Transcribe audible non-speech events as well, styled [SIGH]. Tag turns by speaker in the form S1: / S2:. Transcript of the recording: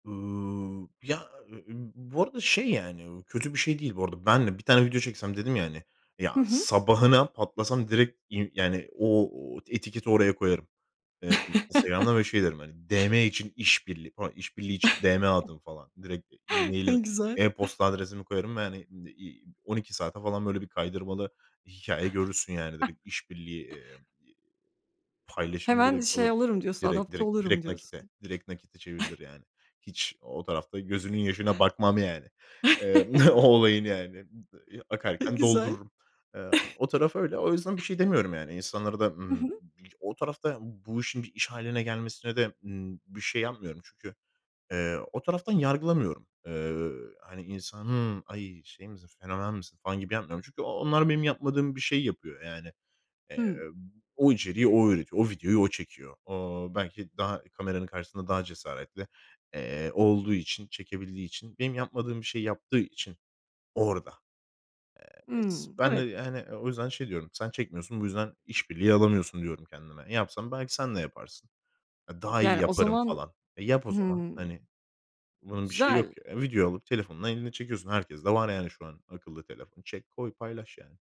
S1: Iıı, ya, e e ı bu arada şey, yani, ı kötü bir şey değil. Bu arada ben de bir tane video çeksem dedim ya, hani, ya,
S2: Hı hı.
S1: sabahına patlasam direkt, iii, yani, o o etiketi oraya koyarım. Eee, Instagram'da
S2: [CHUCKLES]
S1: ve şey derim hani, DM için iş birliği falan, iş birliği için
S2: [CHUCKLES]
S1: DM atın falan. Direkt
S2: E,
S1: e-mail'i,
S2: güzel.
S1: e-posta adresimi koyarım ve hani, iii, 12 saate falan böyle bir kaydırmalı hikâye görürsün yani direkt
S2: [CHUCKLES]
S1: iş birliği, eee, iii, paylaşımı
S2: Hemen
S1: direkt alır.
S2: şey olurum diyorsun,
S1: Direkt
S2: adapte
S1: direkt
S2: olurum
S1: direkt nakite
S2: diyorsun.
S1: direkt nakite çevirilir
S2: [CHUCKLES]
S1: yani. Hiç o tarafta gözünün yaşına bakmam yani. Eee, o
S2: [CHUCKLES]
S1: olayın yani. I ı
S2: E,
S1: akarken
S2: güzel.
S1: doldururum. Eee,
S2: [CHUCKLES]
S1: o taraf öyle. O yüzden bir şey demiyorum yani. İnsanlara da,
S2: Hı
S1: ımm, m
S2: hı.
S1: c o tarafta ya, bu işin bir iş hâline gelmesine de, ııı, bir şey yapmıyorum. Çünkü, eee, o taraftan yargılamıyorum. Eee, hani, insanı; "Ay, şey misin? Fenomen misin?" falan gibi yapmıyorum. Çünkü o onlar benim yapmadığım bir şeyi yapıyor yani. Eee,
S2: Hı.
S1: o içeriği o üretiyor. O videoyu o çekiyor. O belki daha kameranın karşısında daha cesaretli, eee, olduğu için, çekebildiği için, benim yapmadığım bir şeyi yaptığı için orada. Eee,
S2: Hıı,
S1: s ben de
S2: evet.
S1: yani, o yüzden şey diyorum; "Sen çekmiyorsun, bu yüzden iş birliği alamıyorsun." diyorum kendime. "Yapsan, belki sen de yaparsın." Daha iyi
S2: Yani, o
S1: yaparım
S2: zaman
S1: falan. Eee, yap o zaman
S2: Hıı.
S1: hani. Bunun bir şeyi yok
S2: Güzel.
S1: ya. Videoya alıp telefonunu elinle çekiyorsun. Herkeste var yani, şu an akıllı telefon. Çek, koy, paylaş, yani.